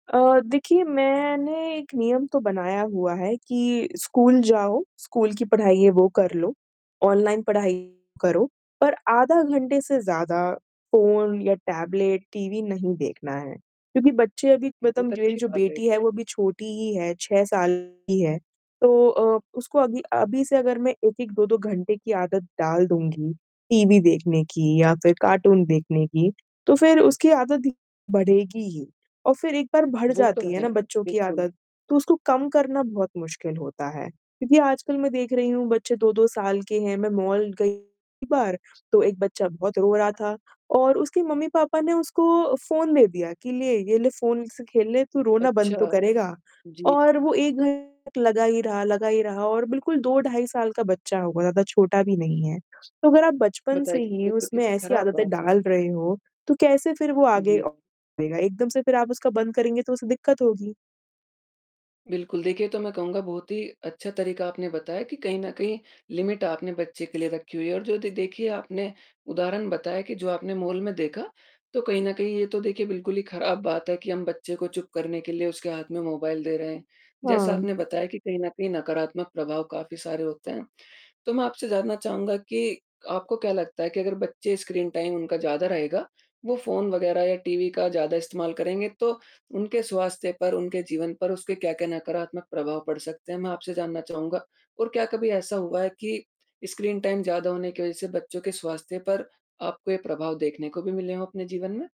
अ, देखिए मैंने एक नियम तो बनाया हुआ है कि स्कूल जाओ, स्कूल की पढ़ाई है वो कर लो, ऑनलाइन पढ़ाई करो, पर आधा घंटे से ज़्यादा फोन या टैबलेट, टीवी नहीं देखना है क्योंकि बच्चे अभी मतलब बहुत मेरी अच्छी जो बात है, ये बेटी तो। है वो अभी छोटी ही है, 6 साल की है, तो अ, उसको अगल अभी से अगर मैं 1-1 2-2 घंटे की आदत डाल दूँगी टीवी देखने की या फिर कार्टून देखने की, तो फिर उसकी आदत बढ़ेगी ही और फिर एक बार बढ़ वो तो जाती है है, ना बच्चों की बिल्कुल। आदत, तो उसको कम करना बहुत मुश्किल होता है क्योंकि आजकल मैं देख रही हूँ बच्चे 2-2 साल के हैं मैं मॉल गई एक बार, तो एक बच्चा बहुत रो रहा था और उसके मम्मी-पापा ने उसको फोन दे दिया कि, "ले ये ले फोन से खेल ले तू रोना अच्छा, बंद तो करेगा।" जी। और वो एक लगा ही रहा, लगा ही रहा और बिल्कुल 2 ढाई साल का बच्चा होगा, ज़्यादा छोटा भी नहीं है। तो अगर आप बचपन से बताइए, ही ये तो उसमें कितनी ऐसी ख़राब आदतें बात है। डाल रहे हो, तो कैसे फिर वो आगे जी। अ, [unintelligible] एकदम से फिर आप उसका बंद करेंगे तो उसे दिक्कत होगी। बिल्कुल, देखिए तो मैं कहूँगा बहुत ही अच्छा तरीका आपने बताया कि कहीं न कहीं लिमिट आपने बच्चे के लिए रखी हुई है और जो दे देखिए आपने, उदाहरण बताया कि जो आपने मॉल में देखा, तो कहीं न कहीं ये तो देखिए बिल्कुल ही ख़राब बात है कि हम बच्चे को चुप करने के लिए उसके हाथ में मोबाइल दे रहे हैं। जैसा हाँ। आपने बताया कि कहीं न कहीं नकारात्मक प्रभाव काफ़ी सारे होते हैं, तो मैं आपसे जानना चाहूँगा कि, आपको क्या लगता है कि अगर बच्चे स्क्रीन टाइम उनका ज़्यादा रहेगा, वो फोन वग़ैरह या टीवी का ज़्यादा इस्तेमाल करेंगे तो, उनके स्वास्थ्य पर, उनके जीवन पर उसके क्या-क्या नकारात्मक प्रभाव पड़ सकते हैं, मैं आपसे जानना चाहूँगा और क्या कभी ऐसा हुआ है कि स्क्रीन टाइम ज़्यादा होने की वज़ह से बच्चों के स्वास्थ्य पर आपको ये प्रभाव देखने को भी मिले हैं अपने जीवन में?